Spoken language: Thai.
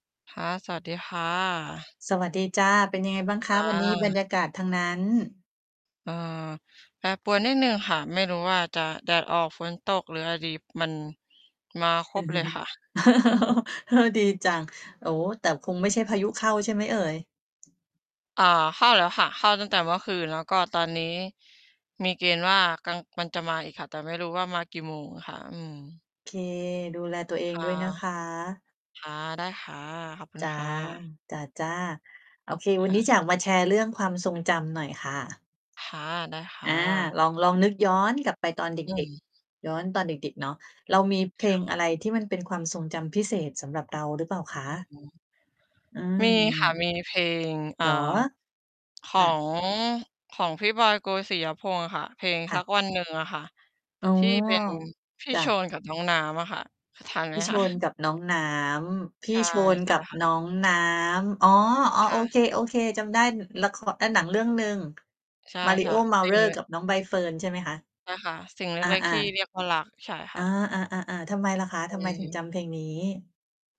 ค่ะ สวัสดีค่ะ สวัสดีจ๊ะ เป็นยังไงบ้างคอะวันนี้บรา รยากาศทางนั้น? เอ่อ แปรปวนนิดหนึ่งค่ะ ไม่รู้ว่าจะแดดออกฝนตกหรืออะไรดี มัน มาครบเลยค่ะ อือฮึ ดีจัง โอ้ แต่คงไม่ใช่พายุเข้าใช่ไหมเอ่ย? อา เข้าแล้วค่ะ เข้าตั้งแต่เมื่อคืน แล้วก็ตอนนี้ มีเกณฑ์ว่า กลาง มันจะมาอีกค่ะ แต่ไม่รู้ว่ามากี่โมงค่ะ อืม โอเค ดูแลตัวเอคง่ะ ด้วยนะคะ ค่ะ ได้ค่ะ ขอบคุจณ๊ะ ค่ะ จ๊ะ ๆ โอเค ควัน่นี้ะ อยากมาแชร์เรื่องความทรงจำหน่อยค่ะ ค่ะ ได้คอ่า ะ ลอง ลองนึกย้อนกลับไปตอนเดอื็ก ม ๆ ย้อนตอนเด็ก ๆ เนาะ เรามีเพคล่งะ อะไรที่มันเป็นความทรงจำพิเศษ สำหรับเราหรือเปล่าอคือะ? ฮึ อมีค่ะ า มีเพลง อ่เหา รอ? ขคอ่ะ ง ของพี่บอย โกสิยพงษ์อะค่ะ เพลงค่สัะ กวันหนึ่งอะค่ะ อ๋อ ที่เป็นพี่จ๊โชะ นกับน้องน้ำอะค่ะ ทันไพหม ี่โชคะ? นกับน้องน้ำ พใีช่่ โชนใชก่ับค่ะ น้องน้ำ อ๋อ คๆ โอ่ะ เค ๆ จำได้ อ ละคร อะ หนังเรื่องหนึ่ง ใช่ มาริโอ้ เมาๆ จื้เรน ่ดอ้วกย ับน้องใบเฟิร์นใช่ไหมคะ? ใช่ค่ะ สิ่งเลอ็ก ๆ ทา ี่ๆ เรียกว่ารัก ใช่คอ่า ะ ๆ ๆ ๆ ทำไมล่ะคะ อทำืไมถึงม จำเพลงนี้?